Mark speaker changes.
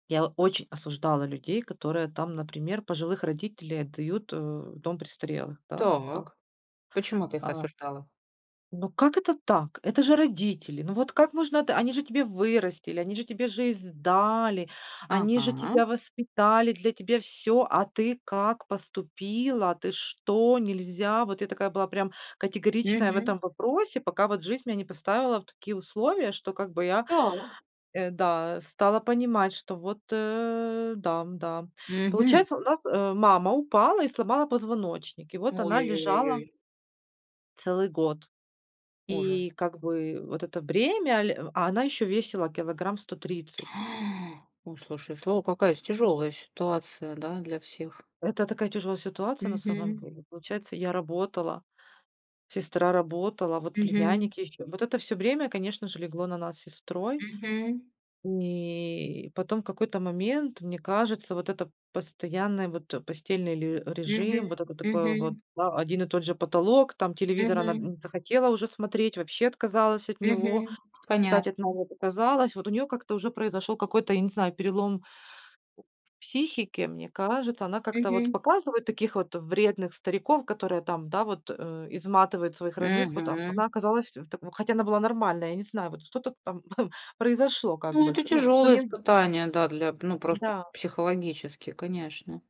Speaker 1: Я очень осуждала людей, которые там, например, пожилых родителей отдают, э, в дом престарелых, да, вот так.
Speaker 2: Так. Почему ты их
Speaker 1: А.
Speaker 2: осуждала?
Speaker 1: Ну как это так? Это же родители! Ну вот как можно д Они же тебе вырастили, они же тебе жизнь дали, они же
Speaker 2: Ага.
Speaker 1: тебя воспитали, для тебе- всё, а ты как поступила? Ты что? Нельзя! Вот я такая была прям категоричная в
Speaker 2: Мгм.
Speaker 1: этом вопросе, пока вот жизнь меня не поставила в такие условия, что как бы я,
Speaker 2: Так.
Speaker 1: э, да, стала понимать, что вот, э, дам, да.
Speaker 2: Мгм.
Speaker 1: Получается у нас, э, мама упала и сломала позвоночник. И вот
Speaker 2: Ой
Speaker 1: она
Speaker 2: ой ой ой
Speaker 1: лежала
Speaker 2: ой.
Speaker 1: целый год. И
Speaker 2: Ужас.
Speaker 1: как бы вот это бремя, ле а она ещё весила килограмм сто тридцать.
Speaker 2: А, ну, слушай, слово, какая з тяжелая ситуация, да, для всех.
Speaker 1: Это такая тяжелая ситуация на самом
Speaker 2: Мгм.
Speaker 1: деле. Получается, я работала, сестра работала, вот
Speaker 2: Мгм.
Speaker 1: племянники еще. Вот это всё бремя, конечно же, легло на нас сестрой.
Speaker 2: Мгм.
Speaker 1: И потом, в какой-то момент, мне кажется, вот это постоянная, вот, постельный ле
Speaker 2: Мгм,
Speaker 1: режим, вот это такое вот
Speaker 2: мгм.
Speaker 1: ва один и тот же потолок, там, телевизор она, м,
Speaker 2: Мгм.
Speaker 1: не захотела уже смотреть, вообще отказалась от него,
Speaker 2: Мгм.
Speaker 1: [unintelligible] от
Speaker 2: Понятно.
Speaker 1: него отказалась. Вот у нее как-то уже произошел какой-то, я не знаю, перелом психики, мне кажется. Она как-то вот
Speaker 2: Мгм.
Speaker 1: Показывают таких вот вредных стариков, которые там, да вот, э, изматывают своих родных, вот.
Speaker 2: Мгм.
Speaker 1: Она оказалась в такой, хотя она была нормальной, я не знаю, вот что-то там, ам, произошло как
Speaker 2: Ну
Speaker 1: бы
Speaker 2: это
Speaker 1: х ну, сто
Speaker 2: тяжёлое
Speaker 1: нем
Speaker 2: испытание, да, для ну, просто
Speaker 1: Н-да.
Speaker 2: психологически, конечно.